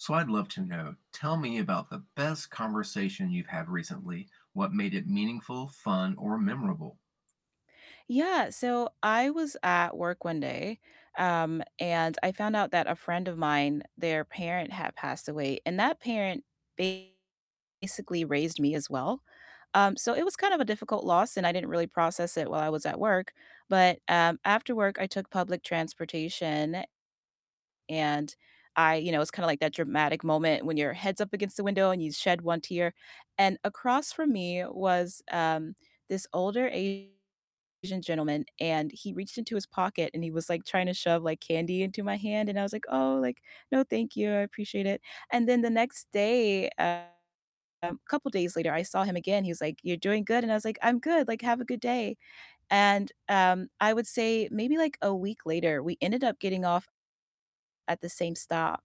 So, I'd love to know, tell me about the best conversation you've had recently, what made it meaningful, fun, or memorable? Yeah, so I was at work one day, um, and I found out that a friend of mine, their parent had passed away, and that parent basically raised me as well, um, so it was kind of a difficult loss, and I didn't really process it while I was at work, but, um, after work, I took public transportation and I you know, it was kinda like that dramatic moment when your head's up against the window and you shed one tear, and across from me was, um, this older Asian gentleman, and he reached into his pocket, and he was, like, tryna shove, like, candy into my hand, and I was like, "Oh," like, "no, thank you, I appreciate it." And then the next day, um couple days later, I saw him again, he was like, "You're doing good?" And I was like, "I'm good," like, "have a good day." And, um, I would say maybe, like, a week later, we ended up getting off at the same stop,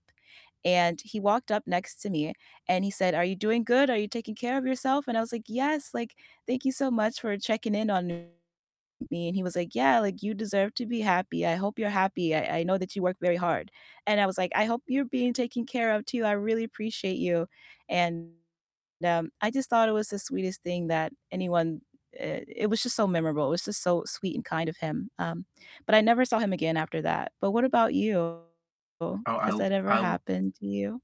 and he walked up next to me and he said, "Are you doing good? Are you taking care of yourself?" And I was like, "Yes," like, "thank you so much for checking in on me." And he was like, "Yeah," like, "you deserve to be happy, I hope you're happy, I I know that you work very hard." And I was like, "I hope you're being taken care of, too, I really appreciate you." And, um, I just thought it was the sweetest thing that anyone, eh It was just so memorable, it was just so sweet and kind of him, um, but I never saw him again after that, but what about you? Oh, Has I'll that ever I'll happened to you?